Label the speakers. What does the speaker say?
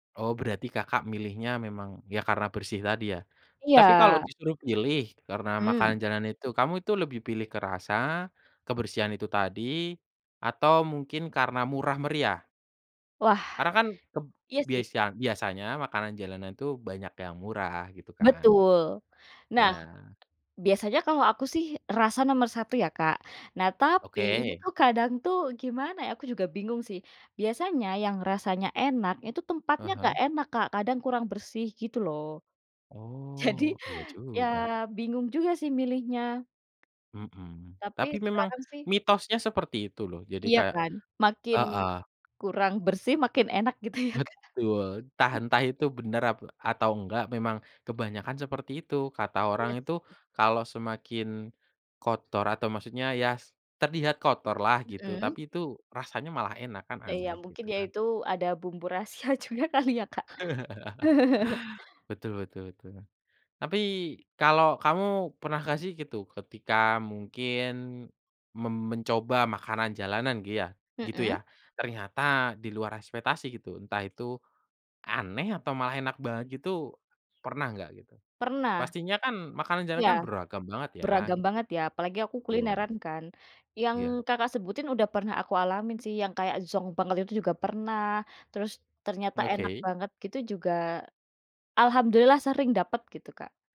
Speaker 1: Oh, berarti Kakak milihnya memang ya karena bersih tadi ya.
Speaker 2: Iya.
Speaker 1: Tapi kalau disuruh pilih karena
Speaker 2: Mhm.
Speaker 1: makanan jalanan itu kamu itu lebih pilih ke rasa, kebersihan itu tadi, atau mungkin karena murah meriah?
Speaker 2: Wah,
Speaker 1: Karena kan keb
Speaker 2: iya sih.
Speaker 1: biasa biasanya makanan jalanan itu banyak yang murah gitu kan.
Speaker 2: Betul. Nah,
Speaker 1: Iya.
Speaker 2: biasanya kalau aku sih rasa nomor 1 ya Kak, nah, tapi ini
Speaker 1: Oke.
Speaker 2: tuh kadang tuh gimana ya aku juga bingung sih, biasanya yang rasanya enak itu
Speaker 1: Ah
Speaker 2: tempatnya nggak
Speaker 1: hah.
Speaker 2: enak Kak kadang kurang bersih gitu loh. Jadi,
Speaker 1: Oh, iya
Speaker 2: ya
Speaker 1: juga.
Speaker 2: bingung juga sih milihnya.
Speaker 1: Mhm,
Speaker 2: Tapi
Speaker 1: tapi memang,
Speaker 2: sekarang sih
Speaker 1: mitosnya seperti itu loh jadi
Speaker 2: Iya
Speaker 1: kayak
Speaker 2: kan, makin
Speaker 1: heeh.
Speaker 2: kurang bersih makin enak gitu ya Kak.
Speaker 1: Betul, entah entah itu bener ap atau enggak memang kebanyakan seperti itu kata orang
Speaker 2: Iya
Speaker 1: itu
Speaker 2: sih.
Speaker 1: kalau semakin, kotor atau maksudnya ya, terlihat kotorlah gitu
Speaker 2: Mhm.
Speaker 1: tapi itu rasanya malah enak kan
Speaker 2: Ya ya,
Speaker 1: aneh
Speaker 2: mungkin
Speaker 1: gitu
Speaker 2: ya
Speaker 1: kan.
Speaker 2: itu ada bumbu rahasia juga kali ya Kak.
Speaker 1: Betul betul betul. Tapi kalau kamu pernah gak sih gitu ketika mungkin, mem mencoba makanan jalanan giya gitu
Speaker 2: Mhm.
Speaker 1: ya ternyata di luar ekspektasi gitu entah itu, aneh atau malah enak banget gitu, pernah nggak gitu?
Speaker 2: Pernah.
Speaker 1: Pastinya kan makanan jalanan
Speaker 2: Iya,
Speaker 1: kan beragam banget ya
Speaker 2: beragam
Speaker 1: gitu,
Speaker 2: banget ya apalagi aku
Speaker 1: betul.
Speaker 2: kulineran kan, yang
Speaker 1: Iya.
Speaker 2: Kakak sebutin udah pernah aku alamin sih yang kayak zonk banget itu juga pernah terus, ternyata enak
Speaker 1: Oke.
Speaker 2: banget gitu juga, alhamdulillah sering dapet gitu Kak.